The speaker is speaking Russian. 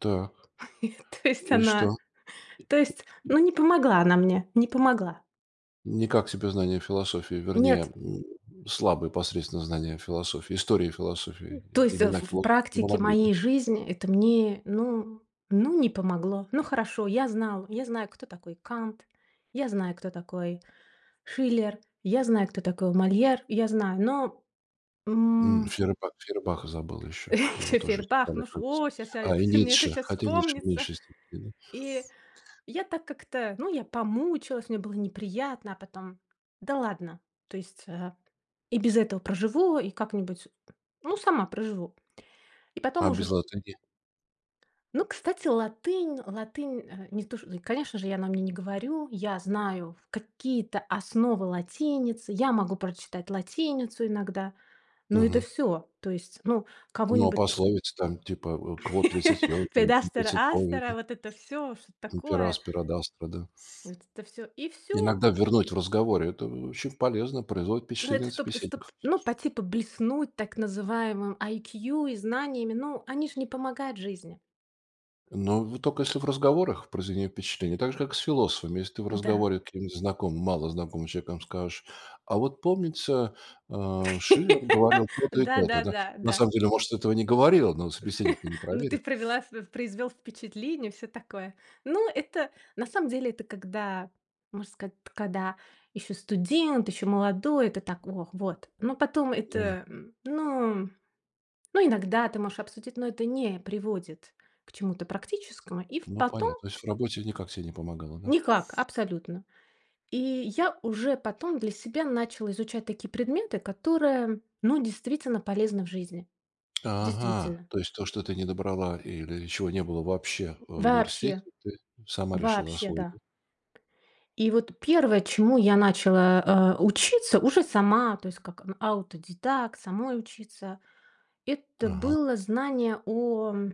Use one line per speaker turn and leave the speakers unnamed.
Так.
То есть
И
она
что?
То есть
И и и
ну не помогла она мне, не помогла.
Не как себе знание философии. Вернее,
Нет.
м, слабые посредственные знания философии, истории
М.
философии,
То
и
есть в
имена
в
философов не
практике
помогли, да?
моей жизни это мне, ну ну не помогло. Ну хорошо, я знала я знаю, кто такой Кант, я знаю, кто такой Шиллер, я знаю, кто такой Мольер, я знаю, но
М,
м
Фейербах, Фейербаха забыла ещё, его
Ещё
тоже
Фейербах.
изучали,
Ну, ш
кажется.
о, ща я
А, и
в мне это
Ницше,
щас
хотя Ницше в
вспомнится.
меньшей степени, да?
И я так как-то Ну, я помучилась, мне было неприятно, а потом да ладно, то есть, э, и без этого проживу и как-нибудь Ну, сама проживу, и потом
А
уже
без латыни?
Ну кстати латынь, латынь, э, не то, ш и, конечно же, я на мне не говорю. Я знаю какие-то основы латиницы, я могу прочитать латиницу иногда, но это
Мгм.
всё. То есть, ну
Ну а
кого-нибудь н
пословица, там, типа, в Quod licet Jovi,
Рed
non
astera
licet bovi,
astera,
эт
вот это всё. Что-то
И per
такое.
aspera ad astra, да.
Вот это всё и всё.
Иногда ввернуть в разговоре. Это очень полезно, производит
Ну
впечатление
это
на
чтоб ка чтоб,
собеседникoв.
ну, по типу, блеснуть так называемым IQ и знаниями. Ну, они же не помогают в жизни.
Но в тока если в разговорах произведение впечатления. Так же, как с философами. Если ты в
Да.
разговоре с каким-нибудь знакомым, малознакомым человеком скажешь: "А вот помнится, э, Шиллер говорил то-то и
Да,
то-то",
да,
да.
да.
На
Да.
самом деле, может, этого не говорил, но собеседник-то не
Ну ты
проверит.
провела в произвёл впечатление, всё такое. Ну, это, на самом деле, это когда можно сказать, т когда ещё студент, ещё молодой, это так: "Ох, вот", но потом
Да.
это, м. Ну м Ну иногда ты можешь обсудить, но это не приводит к чему-то практическому. И в
Ну
потом
понятно. То есть в работе никак стебе не помогало, да?
Никак, абсолютно. И я уже потом для себя начала изучать такие предметы, которые, ну, действительно полезны в жизни.
Ага,
Действительно.
то есть, то, что ты не добрала или чего не было вообще, э, в университете,
Вообще,
ты сама решила
вообще.
освоить,
Да.
да?
И вот первое, чему я начала, э, учиться уже сама, то есть как, м, аутодедакт, самой учиться. Это
Ага.
было знание о м